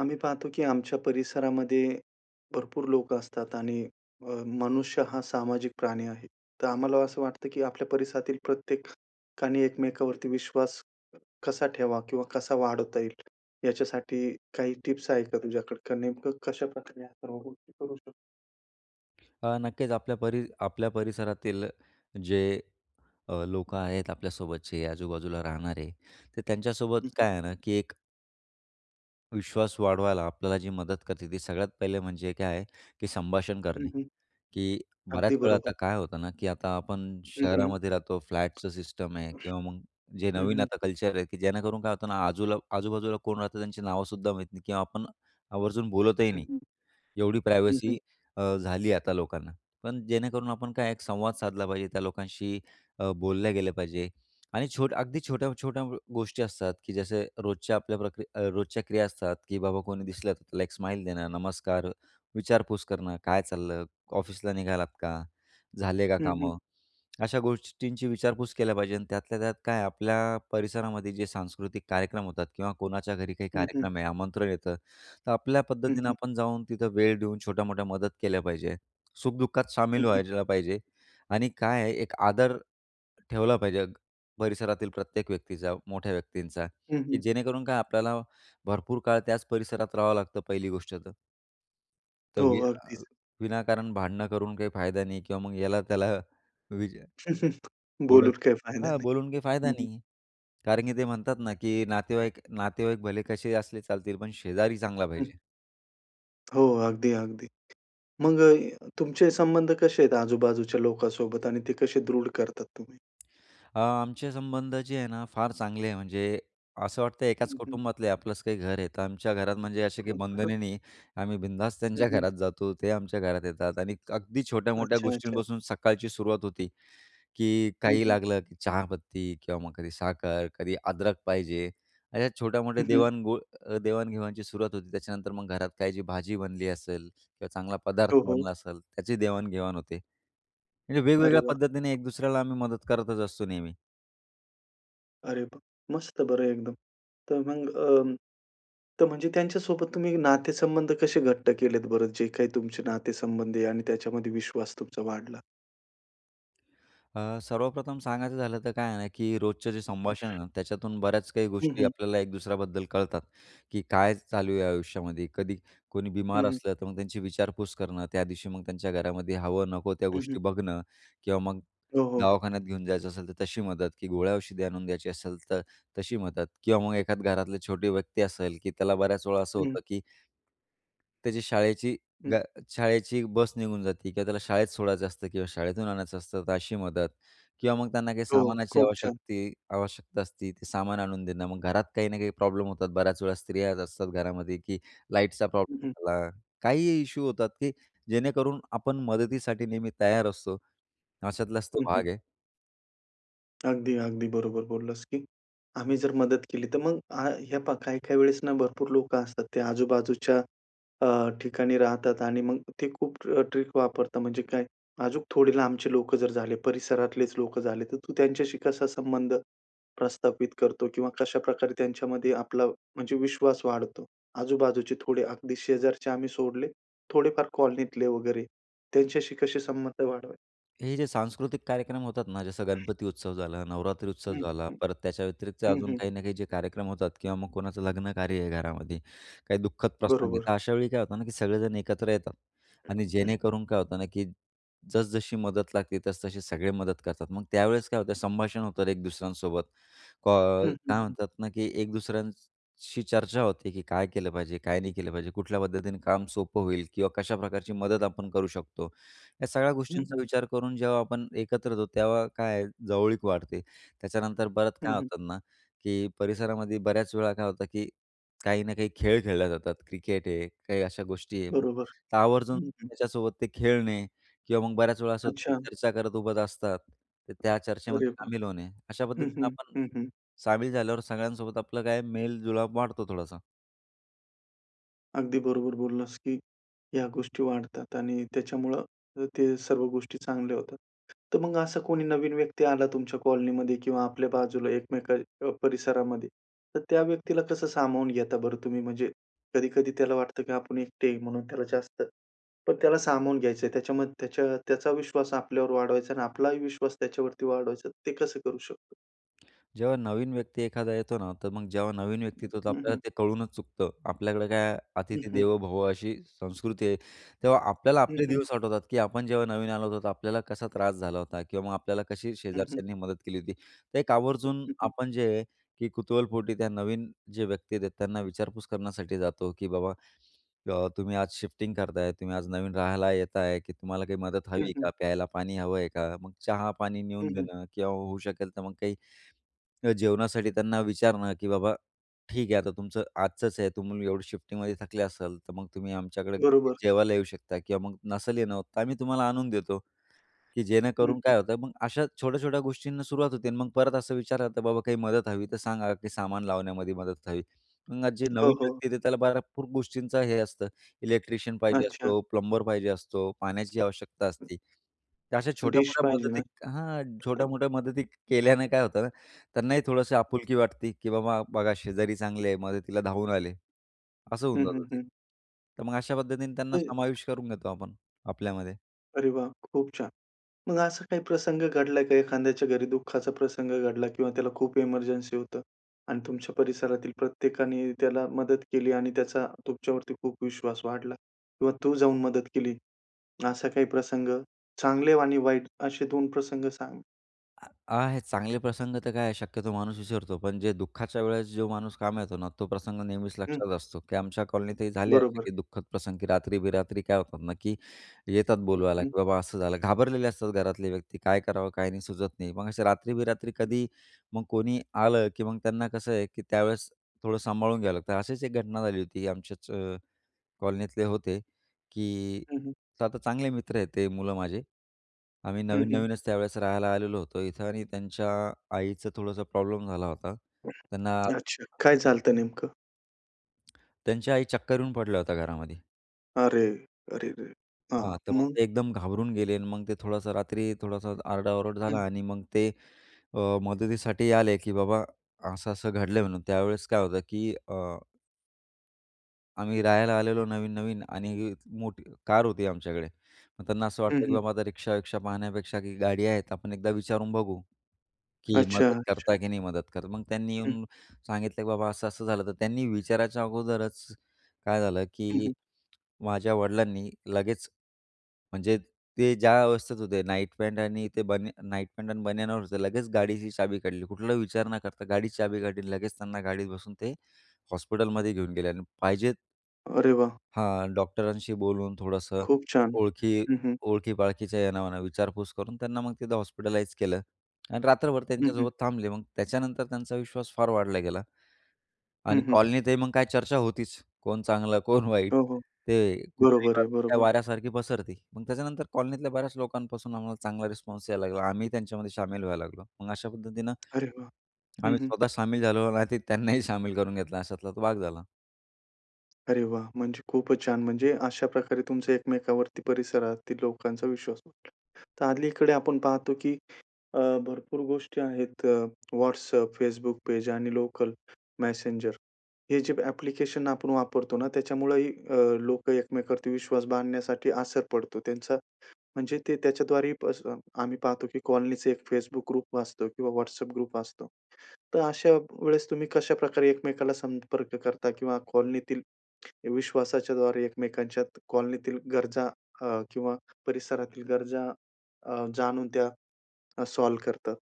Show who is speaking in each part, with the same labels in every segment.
Speaker 1: आम्ही पाहतो की आमच्या परिसरामध्ये भरपूर लोकं असतात आणि अ, मनुष्य हा सामाजिक प्राणी आहे. तर आम्हाला असं वाटतं की आपल्या परिसरातील प्रत्येकाने एकमेकावरती विश्वास कसा ठेवा? किंवा कसा वाढवता येईल? याच्यासाठी काही टिप्स आहे का तुझ्याकडे का नेमकं कशाप्रकारे या सर्व गोष्टी करू शकतो?
Speaker 2: हा, नक्कीच आपल्या परी आपल्या परिसरातील, जे अ, लोकं आहेत, आपल्यासोबतचे आजूबाजूला राहणारे. ते त्यांच्यासोबत
Speaker 1: हं, हं.
Speaker 2: काय आहे ना की एक विश्वास वाढवायला आपल्याला जी मदत करते, ती सगळ्यात पहिले म्हणजे काय आहे की संभाषण
Speaker 1: हं,
Speaker 2: करणे
Speaker 1: हं.
Speaker 2: की बऱ्याच
Speaker 1: अगदी
Speaker 2: वेळा
Speaker 1: बरोबर.
Speaker 2: आता काय होतं ना की आता आपण
Speaker 1: हं, हं.
Speaker 2: शहरामध्ये राहतो. फ्लॅटचं सिस्टम आहे किंवा मग जे
Speaker 1: हं,
Speaker 2: नवीन
Speaker 1: हं.
Speaker 2: आता कल्चर आहे की जेणेकरून काय होतं ना, आजूला आजू-बाजूला कोण राहतं त्यांची नावसुद्धा माहीत नाही किंवा आपण आवर्जून बोलतही
Speaker 1: हं,
Speaker 2: नाही.
Speaker 1: हं.
Speaker 2: एवढी
Speaker 1: हं, हं.
Speaker 2: प्रायव्हसी अ, झाली आता लोकांना. पण जेणेकरून आपण काय एक संवाद साधला पाहिजे त्या लोकांशी. अ, बोलल्या गेलं पाहिजे आणि छोट्या अगदी, छोट्या-छोट्या गोष्टी असतात की जसं रोजच्या आपल्या प्रक्रि अ, रोजच्या क्रिया असतात की बाबा कोणी दिसलं तर लाइक स्माईल देणं. नमस्कार, विचारपूस करणं, काय चाललं? ऑफिसला निघालात का? झाले का
Speaker 1: हं, हं.
Speaker 2: कामं? अशा गोष्टींची विचारपूस केल्या पाहिजे आणि त्यातल्या त्यात काय आपल्या परिसरामध्ये जे सांस्कृतिक कार्यक्रम होतात किंवा कोणाच्या घरी काही
Speaker 1: हं, हं.
Speaker 2: कार्यक्रम आहे आमंत्रण येतं, तर आपल्या
Speaker 1: हं,
Speaker 2: पद्धतीनं
Speaker 1: हं.
Speaker 2: आपण जाऊन तिथं वेळ देऊन छोट्या-मोठ्या मदत केल्या पाहिजे. सुख-दुःखात
Speaker 1: हं,
Speaker 2: सामील
Speaker 1: हं.
Speaker 2: व्हायला पाहिजे आणि काय आहे एक आदर ठेवला पाहिजे, परिसरातील प्रत्येक व्यक्तीचा, मोठ्या व्यक्तींचा
Speaker 1: हं,
Speaker 2: की
Speaker 1: हं.
Speaker 2: जेणेकरून काय आपल्याला भरपूर काळ त्याच परिसरात राहावं लागतं पहिली गोष्ट तर
Speaker 1: हो. अगदीच.
Speaker 2: [unintelligible] विनाकारण भांडणं करून काही फायदा नाही किंवा मग याला-त्याला विज ओढत
Speaker 1: बोलून काय फायदा
Speaker 2: हां,
Speaker 1: नाही.
Speaker 2: बोलून काही फायदा
Speaker 1: हं हं.
Speaker 2: नाहीये. कारण की ते म्हणतात ना, की नातेवाईक नातेवाईक भले कशेही असले चालतील पण शेजारी चांगला
Speaker 1: हं.
Speaker 2: पाहिजे.
Speaker 1: हो. अगदी, अगदी. मग तुमचे संबंध कसे आहेत आजूबाजूच्या लोकांसोबत आणि ते कसे दृढ करतात तुम्ही?
Speaker 2: अ, आमचे संबंध जे आहे ना फार चांगले आहे म्हणजे, असं वाटतं एकाच
Speaker 1: हं, हं.
Speaker 2: कुटुंबातले आपलंच काही घर आहे. तर आमच्या घरात म्हणजे असे काही
Speaker 1: [unintelligible]
Speaker 2: बंधने नाही. आम्ही बिनधास्त
Speaker 1: हं,
Speaker 2: त्यांच्या
Speaker 1: हं.
Speaker 2: घरात जातो ते आमच्या घरात येतात. आणि अगदी छोट्या-मोठ्या
Speaker 1: अच्छा, अच्छा.
Speaker 2: गोष्टींपासून सकाळची सुरुवात होती, की
Speaker 1: हं,
Speaker 2: काही
Speaker 1: हं.
Speaker 2: लागलं की चहापत्ती किंवा मग कधी साखर, कधी अदरक पाहिजे, अशा छोट्या-मोठ्या
Speaker 1: हं, हं.
Speaker 2: देवाण घो देवाण-घेवाणची सुरुवात होते. त्याच्यानंतर मग घरात काही जी भाजी बनली असेल किंवा चांगला
Speaker 1: हो,
Speaker 2: पदार्थ
Speaker 1: हो.
Speaker 2: बनला असेल त्याचीही देवाण-घेवाण होते. म्हणजे
Speaker 1: अरे
Speaker 2: वेगवेगळ्या
Speaker 1: वाह!
Speaker 2: पद्धतीने एक दुसऱ्याला आम्ही मदत करतच असतो नेहमी.
Speaker 1: अरे वाह! अरे मस्त बरं एकदम. तर मग अ, तर म्हणजे त्यांच्या सोबत तुम्ही नातेसंबंध कसे घट्ट केलेत बरं, जे काही तुमचे नातेसंबंध आहे आणि त्याच्यामध्ये विश्वास तुमचा वाढला?
Speaker 2: अ, सर्वप्रथम सांगायचं झालं तर काय आहे ना, की रोजचं जे संभाषण आहे ना, त्याच्यातून बऱ्याच काही
Speaker 1: हं,
Speaker 2: गोष्टी
Speaker 1: हं.
Speaker 2: आपल्याला एक दुसऱ्याबद्दल कळतात, की काय चालू आहे आयुष्यामध्ये? कधी कोणी
Speaker 1: हं,
Speaker 2: बिमार
Speaker 1: हं.
Speaker 2: असलं तर मग त्यांची विचारपूस करणं, त्यादिवशी मग त्यांच्या घरामध्ये हवं नको त्या
Speaker 1: हं, हं.
Speaker 2: गोष्टी बघणं. किंवा मग
Speaker 1: हो, हो.
Speaker 2: दवाखान्यात घेऊन जायचं असेल तर तशी मदत, की गोळ्या औषध आणून द्यायची असेल तर, तशी मदत. किंवा मग एखादं घरातले छोटे व्यक्ती असेल, की त्याला बऱ्याचवेळा असं
Speaker 1: हं.
Speaker 2: होतं की त्याची शाळेची
Speaker 1: हं.
Speaker 2: ब्या शाळेची बस निघून जाते किंवा त्याला शाळेत सोडायचं असतं किंवा शाळेतून आणायचं असतं, तर अशी मदत. किंवा मग त्यांना काही
Speaker 1: हो,
Speaker 2: सामानाची
Speaker 1: खूप छान.
Speaker 2: आवश्यकती आवश्यकता असते, ते सामान आणून देणं मग घरात काही ना काही प्रॉब्लेम होतात. बऱ्याच वेळा स्त्रियाच असतात घरामध्ये, की लाईटचा
Speaker 1: हं, हं.
Speaker 2: प्रॉब्लेम झाला, काहीही इश्यू होतात, की जेणेकरून आपण मदतीसाठी नेहमी तयार असतो. अशातलाच तो
Speaker 1: हं, हं.
Speaker 2: भाग आहे.
Speaker 1: अगदी, अगदी बरोबर बोललास, की आम्ही जर मदत केली तर मग, ह्या पाहा काही-काही वेळेस ना, भरपूर लोकं असतात ते आजूबाजूच्या अ, ठिकाणी राहतात आणि मग ते खूप ट्रिक वापरतात म्हणजे काय अजूक थोडे लांबचे लोकं जर झाले, परिसरातलेच लोकं झाले, तर तू त्यांच्याशी कसा संबंध प्रस्थापित करतो किंवा कशा प्रकारे त्यांच्यामध्ये आपला म्हणजे विश्वास वाढतो, आजूबाजूचे थोडे अगदी शेजारचे आम्ही सोडले. थोडेफार कॉलनीतले वगैरे त्यांच्याशी कसे संबंध वाढवाय?
Speaker 2: हे जे सांस्कृतिक कार्यक्रम होतात ना, जसं गणपती उत्सव झाला, नवरात्री उत्सव
Speaker 1: हं,
Speaker 2: झाला,
Speaker 1: हं,
Speaker 2: परत त्याच्याव्यतिरिक्त
Speaker 1: हं,
Speaker 2: अजून
Speaker 1: हं.
Speaker 2: काही ना काही जे कार्यक्रम होतात किंवा मग कोणाचं लग्न कार्य आहे घरामध्ये. काही दुःखद प्रसंग आहे.
Speaker 1: बरोबर.
Speaker 2: तर अशावेळी काय होतं ना, की सगळेजण एकत्र येतात आणि जेणेकरून काय होतं ना, की जसं-जशी मदत लागते तसतशी सगळे मदत करतात. मग त्यावेळेस काय होतं, संभाषण होतं एक दुसऱ्यांसोबत. का
Speaker 1: हं, हं,
Speaker 2: काय
Speaker 1: हं.
Speaker 2: म्हणतात ना, की एक दुसऱ्यांशी चर्चा होते, की काय केलं पाहिजे? काय नाही केलं पाहिजे? कुठल्या पद्धतीने काम सोपं होईल? किंवा कशा प्रकारची मदत आपण करू शकतो. या सगळ्या
Speaker 1: हं,
Speaker 2: गोष्टींचा
Speaker 1: हं.
Speaker 2: विचार करून जेव्हा आपण एकत्र होतो, तेव्हा काय आहे जवळीक वाढते. त्याच्यानंतर बरंच
Speaker 1: हं,
Speaker 2: काय
Speaker 1: हं.
Speaker 2: होतात ना, की परिसरामध्ये बऱ्याचवेळा काय होतं, की काही ना काही खेळ खेळल्या जातात. क्रिकेट आहे, काही अशा गोष्टी आहे. मग
Speaker 1: बरोबर,
Speaker 2: तर आवर्जून
Speaker 1: हं, हं.
Speaker 2: त्याच्यासोबत ते खेळणे किंवा मग बऱ्याचवेळा असं होतं, की
Speaker 1: अच्छा.
Speaker 2: चर्चा करत उभंच असतात. तर त्या
Speaker 1: अरे
Speaker 2: चर्चेमध्ये
Speaker 1: वाह!
Speaker 2: सामील होणे. अशा
Speaker 1: हं,
Speaker 2: पद्धतीनं
Speaker 1: हं,
Speaker 2: आपण
Speaker 1: हं, हं.
Speaker 2: सामील झाल्यावर सगळ्यांसोबत आपलं काय मेलजुळाव वाढतो थोडासा.
Speaker 1: अगदी बरोबर बोललास, की ह्या गोष्टी वाढतात आणि त्याच्यामुळं ते ते सर्व गोष्टी चांगल्या होतात. तर मग असा कोणी नवीन व्यक्ती आला तुमच्या कॉलनीमध्ये किंवा आपल्या बाजूला एकमेक परिसरामध्ये. तर त्या व्यक्तीला कसं सामावून घेता बरं तुम्ही? म्हणजे कधी-कधी त्याला वाटतं, की आपण एकटे म्हणून त्याला जास्त पण त्याला सामावून घ्यायचं आहे. त्याच्यामध्ये त्याचा विश्वास आपल्यावर वाढवायचा आणि आपला विश्वास त्याच्यावरती वाढवायचा. ते कसं करू शकतो?
Speaker 2: जेव्हा नवीन व्यक्ती एखादा येतो ना, तर मग जेव्हा नवीन व्यक्ति तो, तर
Speaker 1: हं,
Speaker 2: आपल्याला
Speaker 1: हं.
Speaker 2: ते कळूनच चुकतं. आपल्याकडे काय
Speaker 1: हं,
Speaker 2: "अतिथी
Speaker 1: हं.
Speaker 2: देवो भवं" अशी संस्कृती आहे. तेव्हा आपल्याला
Speaker 1: हं,
Speaker 2: आपले
Speaker 1: हं.
Speaker 2: दिवस आठवतात, की आपण जेव्हा नवीन आलो होतो तर आपल्याला कसा त्रास झाला होता किंवा मग आपल्याला कशी
Speaker 1: हं, हं.
Speaker 2: शेजारच्यांनी मदत केली होती. तर एक आवर्जून
Speaker 1: हं, हं.
Speaker 2: आपण जे, की कुतूहलपोटी त्या नवीन जे व्यक्ती आहेत, त्यांना विचारपूस करण्यासाठी जातो. की बाबा अ, तुम्ही आज शिफ्टिंग करताय, तुम्ही आज नवीन राहायला येत आहे की तुम्हाला काही मदत हवी
Speaker 1: हं,
Speaker 2: आहे
Speaker 1: हं.
Speaker 2: का? प्यायला पाणी हवं आहे का? मग चहा, पाणी
Speaker 1: हं,
Speaker 2: नेऊन
Speaker 1: हं.
Speaker 2: देणं किंवा होऊ शकेल तर मग काही जेवणासाठी त्यांना विचारणं, की बाबा ठीक आहे. आता तुमचं आजचंच आहे तुम्ही एवढी शिफ्टिंगमध्ये थकले असाल. तर मग तुम्ही आमच्याकडे
Speaker 1: बरोबर.
Speaker 2: जेवायला येऊ शकता किंवा मग नसल येणं होत तर आम्ही तुम्हाला आणून देतो. की
Speaker 1: हं.
Speaker 2: जेणेकरून काय होतं मग, अशा छोट्या-छोट्या गोष्टींना सुरुवात होते. आणि मग परत असं विचारलं जातं, बाबा काही मदत हवी तर सांगा, की सामान लावण्यामध्ये मदत हवी. मग जे
Speaker 1: हो,
Speaker 2: नवीन
Speaker 1: हो.
Speaker 2: व्यक्ती येते त्याला भरपूर गोष्टींचं हे असतं. इलेक्ट्रिशियन पाहिजे
Speaker 1: अच्छा!
Speaker 2: असतो, प्लंबर पाहिजे असतो, पाण्याची आवश्यकता असते. तर अशा
Speaker 1: डिश
Speaker 2: छोट्या-मोठ्या
Speaker 1: पाहिजे ना.
Speaker 2: मदतीत हां छोट्या-मोठ्या मदतीत केल्याने काय होतं ना, त्यांनाही थोडंसं आपुलकी वाटते, की बाबा बघा शेजारी चांगली आहे, मदतीला धावून आले असं होऊन
Speaker 1: हं,
Speaker 2: जात
Speaker 1: हं,
Speaker 2: ते.
Speaker 1: हं.
Speaker 2: तर मग अशा पद्धतीने त्यांना
Speaker 1: ते.
Speaker 2: समावेश करून घेतो आपण आपल्यामध्ये.
Speaker 1: अरे वाह! खूप छान. मग असा काही प्रसंग घडलाय का? एखाद्याच्या घरी दुःखाचा प्रसंग घडला किंवा त्याला खूप एमर्जन्सी होतं. आणि तुमच्या परिसरातील प्रत्येकाने त्याला मदत केली आणि त्याचा तुमच्यावरती खूप विश्वास वाढला. किंवा तू जाऊन मदत केली. असा काही प्रसंग? चांगले आणि वाईट असे 2 प्रसंग सांग.
Speaker 2: आ आहेत चांगले प्रसंग तर काय आहे शक्यतो माणूस विसरतो, पण जे दुःखाच्या वेळेस जो माणूस कामी येतो ना तो प्रसंग नेहमीच
Speaker 1: हं.
Speaker 2: लक्षात असतो, की आमच्या कॉलनीतही झाले असे,
Speaker 1: बरोबर.
Speaker 2: की दुःखद प्रसंग की रात्री बेरात्री काय होतात ना, की येतात
Speaker 1: हं,
Speaker 2: बोलवायला,
Speaker 1: हं.
Speaker 2: की बाबा असं झालं. घाबरलेले असतात घरातले व्यक्ती. काय करावं काय नाही सुचत नाही. मग असे रात्री बेरात्री
Speaker 1: हं.
Speaker 2: कधी मग कोणी आलं, की मग त्यांना कसं आहे, की त्यावेळेस थोडं सांभाळून घ्यावं लागतं. अशीच एक घटना झाली होती. आमच्याच अ, कॉलनीतले होते, की
Speaker 1: हं, हं.
Speaker 2: तर आता चांगले मित्र आहेत ते मुलं माझे. आम्ही
Speaker 1: हं, हं.
Speaker 2: नवीन-नवीनच त्यावेळेस राहायला आलेलो होतो इथं आणि त्यांच्या आईचं थोडंसं प्रॉब्लेम झाला होता. त्यांना
Speaker 1: अच्छा. काय झालं होत नेमकं?
Speaker 2: त्यांच्या आई चक्कर येऊन पडल्या होत्या घरामध्ये.
Speaker 1: अरे! अरे रे! हां.
Speaker 2: हां, तर मग
Speaker 1: मग?
Speaker 2: ते एकदम घाबरून गेले आणि मग ते थोडंसं रात्री थोडंसं आरडाओरड
Speaker 1: हं.
Speaker 2: झाला आणि मग ते अ, मदतीसाठी आले की बाबा असं-असं घडलंय म्हणून. त्यावेळेस काय होतं, की अ आम्ही राहायला आलेलो नवीन-नवीन आणि मोठी कार होती आमच्याकडे, मग त्यांना असं
Speaker 1: हं,
Speaker 2: वाटलं की
Speaker 1: हं.
Speaker 2: बाबा आता रिक्षा-विक्क्षा पाहण्यापेक्षा की गाडी आहेत, आपण एकदा विचारून बघू, की
Speaker 1: अच्छा,
Speaker 2: मदत
Speaker 1: अच्छा.
Speaker 2: करता की नाही मदत करत. मग त्यांनी
Speaker 1: हं.
Speaker 2: येऊन सांगितलं की बाबा असं, असं झालं. तर त्यांनी विचारायच्या अगोदरच काय झालं,
Speaker 1: हं,
Speaker 2: की
Speaker 1: हं.
Speaker 2: माझ्या वडिलांनी लगेच म्हणजे ते ज्या अवस्थेत होते नाईट पॅन्ट आणि ते बनी नाईट पॅन्ट आणि बनियनवर होते लगेच गाडीची चाबी काढली, कुठलाही विचार न करता गाडी चाबी काढली आणि लगेच त्यांना गाडीत बसून ते हॉस्पिटलमध्ये घेऊन गेले. आणि पाहिजेत
Speaker 1: अरे वाह!
Speaker 2: हां, डॉक्टरांशी बोलून थोडंसं
Speaker 1: खूप छान!
Speaker 2: ओळखी,
Speaker 1: हं, हं.
Speaker 2: ओळखी-पाळखीच्या [unintelligible] विचारपूस करून, त्यांना मग तिथं हॉस्पिटलाइज केलं आणि रात्रभर
Speaker 1: हं, हं.
Speaker 2: त्यांच्यासोबत थांबले, मग त्याच्यानंतर त्यांचा विश्वास फार वाढला गेला.
Speaker 1: हं,
Speaker 2: आणि
Speaker 1: हं.
Speaker 2: कॉलनीत मग काय चर्चा होतीच, कोण चांगलं, कोण वाईट,
Speaker 1: हो, हो,
Speaker 2: ते कुठली
Speaker 1: बरोबर आहे,
Speaker 2: बातमी
Speaker 1: बरोबर.
Speaker 2: वाऱ्यासारखी पसरते, मग त्याच्यानंतर कॉलनीतल्या बऱ्याच लोकांपासून आम्हाला चांगला रिस्पॉन्स यायला लागला. आम्ही त्यांच्यामध्ये शामिल व्हायला लागलो. मग अशा पद्धतीनं
Speaker 1: अरे वाह! हं,
Speaker 2: आम्ही
Speaker 1: हं.
Speaker 2: स्वतः सामील झालो नाही तर त्यांनाही सामील करून घेतला अशातला भाग झाला.
Speaker 1: अरे वाह! म्हणजे खूप छान म्हणजे, अशा प्रकारे तुमचं एकमेकावरती परिसरातील लोकांचा विश्वास वाढला. तर अलीकडे आपण पाहतो की अ, भरपूर गोष्टी आहेत अ, WhatsApp, Facebook. पेज आणि लोकल मेसेंजर, हे जे एप्लिकेशन आपण वापरतो ना त्याच्यामुळे ही अ, लोक एकमेकांवरती विश्वास बांधण्यासाठी असर पडतो त्यांचा म्हणजे ते त्याच्याद्वारेही [unintelligible] आम्ही पाहतो की कॉलनीच एक Facebook ग्रुप असतो किंवा WhatsApp ग्रुप असतो. तर अशा वेळेस तुम्ही कशा प्रकारे एकमेकाला संपर्क करता किंवा कॉलनीतील विश्वासाच्याद्वारे एकमेकांच्यात कॉलनीतील गरजा अ, किंवा परिसरातील गरजा अ, जाणून त्या सॉल्व करतात.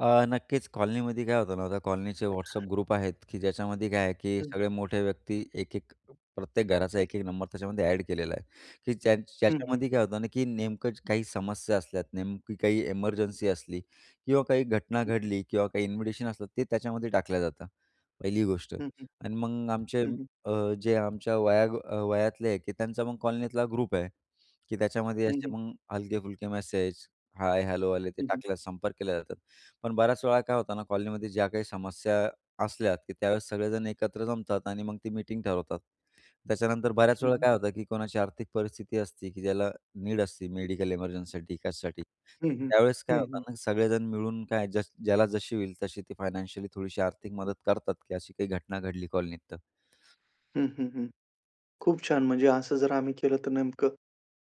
Speaker 2: अ, नक्कीच कॉलनीमध्ये काय होतं ना, त्या कॉलनीचे WhatsApp ग्रुप आहेत, की ज्याच्यामध्ये काय आहे की
Speaker 1: हं.
Speaker 2: सगळे मोठे व्यक्ती 1-1 प्रत्येक घराचा 1-1 नंबर त्याच्यामध्ये एड केलेला आहे, की ज्या
Speaker 1: हं, हं.
Speaker 2: ज्याच्यामध्ये काय होतं ना, की नेमकंच काही समस्या असल्यात. नेमकी काही एमर्जन्सी असली किंवा काही घटना
Speaker 1: हं.
Speaker 2: घडली किंवा काही इन्व्हिटेशन असलं. ते त्याच्यामध्ये टाकल्या जातं. पहिली गोष्ट
Speaker 1: हं, हं.
Speaker 2: आणि मग आमचे
Speaker 1: हं, हं.
Speaker 2: अ, जे आमच्या वया वयातले की त्यांचा मग कॉलनीतला ग्रुप आहे. की त्याच्यामध्ये
Speaker 1: हं,
Speaker 2: असे
Speaker 1: हं.
Speaker 2: मग हलके-फुलके मॅसेज. हाय, हॅलो आले ते
Speaker 1: हं, हं.
Speaker 2: टाकल्यास संपर्क केला जातात. पण बऱ्याच वेळा काय होतं ना कॉलनीमध्ये ज्या काही समस्या असल्यात, की त्यावेळेस सगळेजण एकत्र जमतात आणि मग ती मीटिंग ठरवतात. त्याच्यानंतर
Speaker 1: हं,
Speaker 2: बऱ्याचवेळा
Speaker 1: हं.
Speaker 2: काय होतं की कोणाची आर्थिक परिस्थिती असते की ज्याला, नीड असती मेडिकल एमर्जन्सीसाठी, कशासाठी.
Speaker 1: हं, हं.
Speaker 2: त्यावेळेस काय
Speaker 1: हं,
Speaker 2: होतं
Speaker 1: हं.
Speaker 2: ना की सगळेजण मिळून काय ज ज्याला जशी होईल, तशी ती फायनान्शियली, थोडीशी आर्थिक मदत करतात की अशी काही घटना घडली, कॉलनीत तर.
Speaker 1: हं, हं. हं. खूप छान! म्हणजे असं जर आम्ही केलं तर नेमकं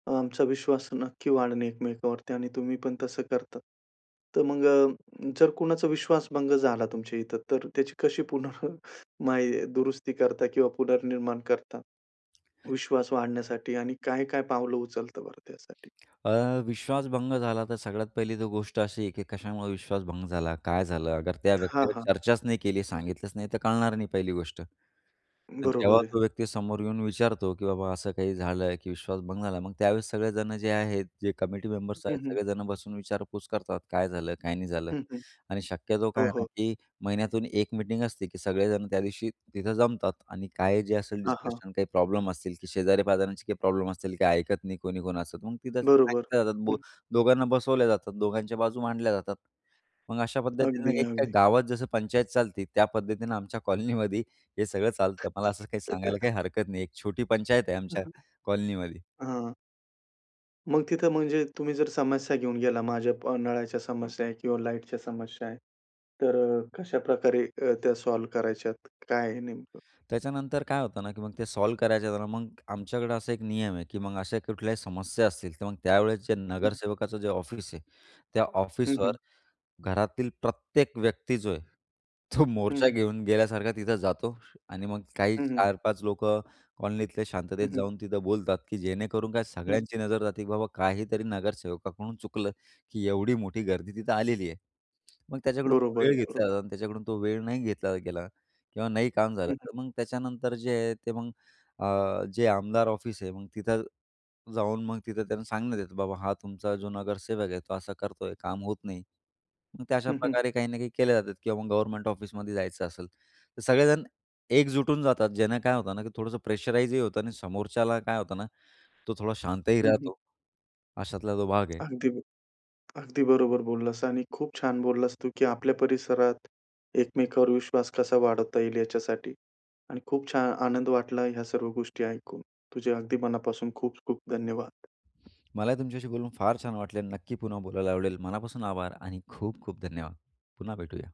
Speaker 1: अ, आमचा विश्वास नक्की वाढणे एकमेकांवरती आणि तुम्ही पण तसं करतात. तर मग, जर कुणाचा विश्वास भंग झाला तुमच्या इथं. तर त्याची कशी पुन्हा काय दुरुस्ती करता किंवा पुनर्निर्माण करता विश्वास वाढण्यासाठी? आणि काय-काय पावलं उचलत बरं त्यासाठी?
Speaker 2: अ, विश्वास भंग झाला तर, सगळ्यात पहिली तर गोष्ट अशी आहे की कशामुळे विश्वास भंग झाला? काय झालं? अगर त्या
Speaker 1: हां,
Speaker 2: व्यक्तीगत
Speaker 1: हां.
Speaker 2: चर्चाच नाही केली. सांगितलंच नाही तर, कळणार नाही पहिली गोष्ट. तर जेव्हा
Speaker 1: बरोबर आहे.
Speaker 2: तो व्यक्ती समोर येऊन विचारतो, "की बाबा असं काही झालं? की विश्वास भंग झाला." मग त्यावेळेस सगळेजण जे आहेत, जे कमिटी मेंबर्स
Speaker 1: हं,
Speaker 2: आहेत
Speaker 1: हं.
Speaker 2: सगळेजणं बसून विचारपूस करतात, "काय झालं? काय नाही झालं."
Speaker 1: हं, हं.
Speaker 2: आणि शक्यतो काय
Speaker 1: हो,
Speaker 2: आहे ना,
Speaker 1: हो.
Speaker 2: की महिन्यातून एक मीटिंग असते, की सगळेजण त्यादिवशी तिथं जमतात आणि काय जे असेल
Speaker 1: हां, हां.
Speaker 2: डिस्कशन, काही प्रॉब्लेम असतील की शेजारी पाजारचे काही प्रॉब्लेम असतील. काही ऐकत नाही कोणी-कोणच. मग तिथं
Speaker 1: बरोबर.
Speaker 2: सांगितल्या
Speaker 1: हं.
Speaker 2: जातात. दोघांना बसवल्या जातात. दोघांच्या बाजू मांडल्या जातात. मग अशा पद्धतीनं
Speaker 1: अगदी,
Speaker 2: एक काय
Speaker 1: अगदी.
Speaker 2: गावात जसं पंचायत चालते. त्या पद्धतीनं आमच्या कॉलनीमध्ये हे सगळं चालतं. मला असं काही सांगायला काही हरकत नाही. एक छोटी पंचायत आहे
Speaker 1: हं,
Speaker 2: आमच्या
Speaker 1: हं.
Speaker 2: कॉलनीमध्ये.
Speaker 1: हां. मग तिथं म्हणजे तुम्ही जर समस्या घेऊन गेला, माझ्या नळाच्या समस्या आहे किंवा लाईटच्या समस्या आहे, तर अ, कशा प्रकारे अ, त्या सॉल्व्ह करायच्यात? काय आहे नेमकं?
Speaker 2: त्याच्यानंतर काय होतं ना, की मग ते सॉल्व्ह करायचं तर, मग आमच्याकडे असा एक नियम आहे, की मग अशा कुठल्याही समस्या असतील तर मग त्यावेळेस जे
Speaker 1: हं.
Speaker 2: नगरसेवकाचं जे ऑफिस आहे, त्या
Speaker 1: हं,
Speaker 2: ऑफिसवर
Speaker 1: हं.
Speaker 2: घरातील प्रत्येक व्यक्ती जो आहे तो
Speaker 1: हं,
Speaker 2: मोर्चा
Speaker 1: हं.
Speaker 2: घेऊन गेल्यासारखा तिथं जातो. आणि मग काही
Speaker 1: हं, हं.
Speaker 2: 4-5 लोकं कॉलनीतल्या
Speaker 1: हं,
Speaker 2: शांततेत
Speaker 1: हं.
Speaker 2: जाऊन तिथं बोलतात, की जेणेकरून काय
Speaker 1: हं.
Speaker 2: सगळ्यांची नजर जाते, की बाबा काहीतरी नगरसेवकाकडून चुकलं, की एवढी मोठी गर्दी तिथं आलेली आहे. मग त्याच्याकडून
Speaker 1: बरोबर
Speaker 2: वेळ
Speaker 1: आहे. बरोबर.
Speaker 2: घेतला जातो आणि त्याच्याकडून तो वेळ नाही घेतला गेला किंवा नाही काम झालं,
Speaker 1: हं, हं.
Speaker 2: तर मग त्याच्यानंतर जे आहे ते मग अ, जे आमदार ऑफिस आहे मग तिथं जाऊन मग तिथं त्यांना सांगण्यात येतं, की बाबा हा तुमचा जो नगरसेवक आहे तो असं करतोय, काम होत नाही. मग त्या
Speaker 1: हं, हं.
Speaker 2: अशाप्रकारे काही ना काही केल्या जातात किंवा मग गव्हर्नमेंट ऑफिसमध्ये जायचं असेल तर, सगळेजण एकजुटून जातात ज्यांना काय होतं ना, की थोडंसं प्रेशराइजही होतं आणि समोरच्याला काय होतं ना, तो थोडा शांतही
Speaker 1: हं, हं.
Speaker 2: राहतो अशातला जो भाग आहे.
Speaker 1: अगदी अगदी बरोबर बोललास. आणि खूप छान बोललास तू, की आपल्या परिसरात एकमेकांवर विश्वास कसा वाढवता येईल याच्यासाठी. आणि खूप छान आनंद वाटला ह्या सर्व गोष्टी ऐकून. तुझे अगदी मनापासून खूप-खूप धन्यवाद.
Speaker 2: मला तुमच्याशी बोलून फार छान वाटलं. नक्की पुन्हा बोलायला आवडेल. मनापासून आभार आणि खूप-खूप धन्यवाद. पुन्हा भेटूया.